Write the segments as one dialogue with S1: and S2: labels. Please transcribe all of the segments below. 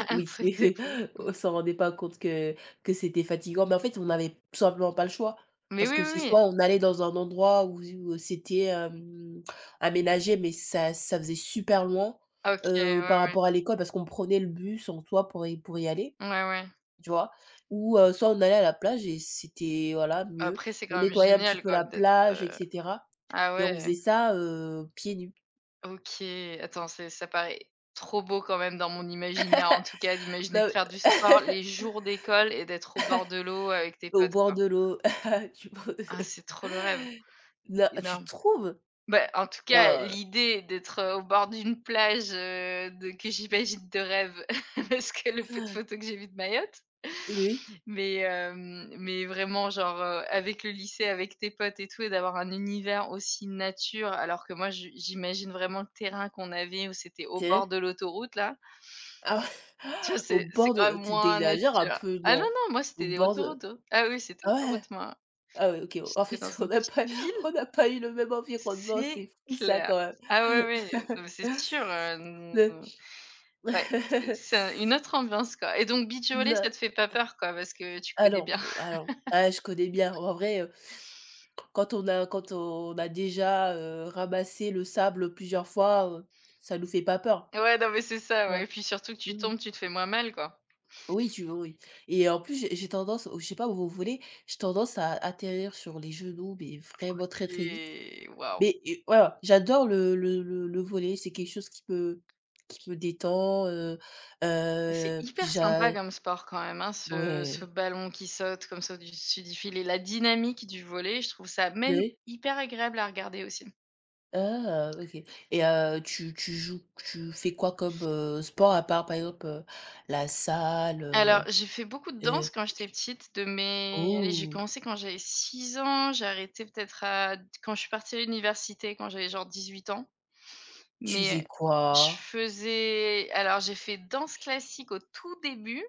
S1: Un un
S2: Oui,
S1: truc de fou.
S2: on s'en rendait pas compte que que c'était fatigant. Mais en fait, on avait tout simplement pas le choix
S1: Mais
S2: parce
S1: oui,
S2: que c'est
S1: oui, oui.
S2: soit on allait dans un endroit où heu, c'était, hem, aménagé, mais ça ça faisait super loin,
S1: OK,
S2: heu, par
S1: ouais, ouais.
S2: rapport à l'école parce qu'on prenait le bus en soit pour y pour y aller,
S1: Ouais, ouais.
S2: tu vois? Ou heu, soit on allait à la plage et c'était voilà mieux,
S1: Après c'est
S2: on
S1: quand même
S2: nettoyait un petit
S1: génial
S2: peu
S1: quoi
S2: la
S1: d'être,
S2: plage
S1: heu
S2: et cetera
S1: ah
S2: et on
S1: ouais.
S2: faisait ça, heu, pieds nus.
S1: OK, attends c'est ça paraît trop beau quand même dans mon imaginaire en tout cas d'imaginer de
S2: Non
S1: faire du sport les jours d'école et d'être au bord de l'eau avec tes
S2: au
S1: potes,
S2: bord
S1: quoi.
S2: de l'eau.
S1: Ah c'est
S2: [unintelligible]
S1: trop le rêve.
S2: Non, tu
S1: Énorme.
S2: trouves?
S1: Bah, en tout cas,
S2: Oh!
S1: l'idée d'être au bord d'une plage, heu, de que j'imagine de rêve parce que le peu de photos que j'ai vu de Mayotte
S2: Oui.
S1: Mais hem, mais vraiment genre, heu, avec le lycée avec tes potes et tout et d'avoir un univers aussi nature alors que moi je j'imagine vraiment le terrain qu'on avait où c'était au
S2: OK.
S1: bord de l'autoroute là tu vois
S2: Au
S1: c'est c'est
S2: bord
S1: quand
S2: de
S1: même
S2: tu tu
S1: moins
S2: exagères un
S1: nature
S2: peu
S1: ah non,
S2: non?
S1: non moi
S2: Au
S1: c'était les
S2: bord de
S1: autoroutes ah oui c'était
S2: ah
S1: l'autoroute moi
S2: ouais, OK, en
S1: j'étais dans
S2: fait, on
S1: une
S2: a
S1: petite
S2: pas
S1: ville
S2: on a pas eu le même environnement,
S1: C'est
S2: c'est fou ça
S1: clair!
S2: quand
S1: Ah
S2: même.
S1: oui, oui, non mais c'est sûr, heu,
S2: [unintelligible]
S1: ouais c'est c'est une autre ambiance quoi et donc beach volley
S2: Non.
S1: ça te fait pas peur quoi parce que tu connais bien.
S2: Alors alors, ouais je connais bien. En vrai, heu, quand on a quand on a déjà, heu, ramassé le sable plusieurs fois, heu, ça ne nous fait pas peur.
S1: Ouais, non mais c'est ça,
S2: Ouais,
S1: ouais et puis surtout que tu
S2: mmh.
S1: tombes, tu te fais moins mal, quoi.
S2: Oui, tu oui, oui et en plus, j'ai j'ai tendance, au je je sais pas au au volley, j'ai tendance à à atterrir sur les genoux, mais vraiment très, très vite.
S1: OK waouh!
S2: Mais heu, voilà, j'adore le le le le volley, c'est quelque chose qui me qui me détend heu
S1: Mais c'est
S2: heu,
S1: hyper
S2: j'a
S1: sympa comme sport quand même hein ce ce
S2: Ouais.
S1: ballon qui saute comme ça au dessus du filet, la dynamique du volley, je trouve ça même
S2: Ouais.
S1: hyper agréable à regarder, aussi.
S2: Ah! OK et heu, tu tu joues, tu fais quoi comme, heu, sport à part, par exemple, heu, la salle,
S1: Alors
S2: heu
S1: j'ai fait beaucoup de
S2: heu
S1: danse quand j'étais petite de mes, allez j'ai
S2: oh!
S1: commencé quand j'avais 6 ans, j'ai arrêté peut-être à quand je suis partie à l'université quand j'avais genre 18 ans.
S2: Tu faisais
S1: Mais je
S2: quoi?
S1: faisais alors j'ai fait danse classique au tout début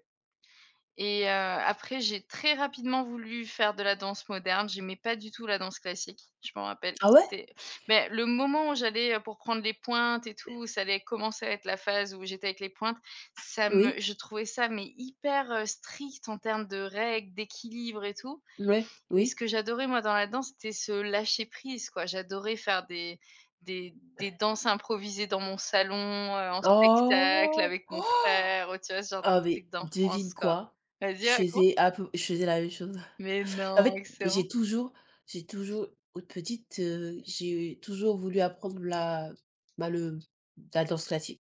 S1: et heu, après j'ai très rapidement voulu faire de la danse moderne. J'aimais pas du tout la danse classique, je m'en rappelle,
S2: Ah ouais?
S1: c'était mais le moment où j'allais, heu, pour prendre les pointes et tout ça allait commencer à être la phase où j'étais avec les pointes, ça me
S2: Oui.
S1: je trouvais ça mais hyper, heu, strict en termes de règles, d'équilibre et tout
S2: Ouais,
S1: et ce
S2: oui.
S1: que j'adorais moi dans la danse, c'était ce lâcher prise quoi, j'adorais faire des des des danses improvisées dans mon salon, heu, en spectacle
S2: Oh!
S1: avec mon frère, heu, tu vois ce genre de
S2: Ah mais
S1: trucs
S2: devine
S1: d'enfance, quoi
S2: quoi?
S1: vas-y,
S2: Je
S1: raconte.
S2: faisais un peu je faisais la même chose.
S1: Mais
S2: En
S1: non!
S2: fait,
S1: Excellent!
S2: j'ai toujours j'ai toujours, petite, heu, j'ai toujours voulu apprendre la, bah le la danse classique.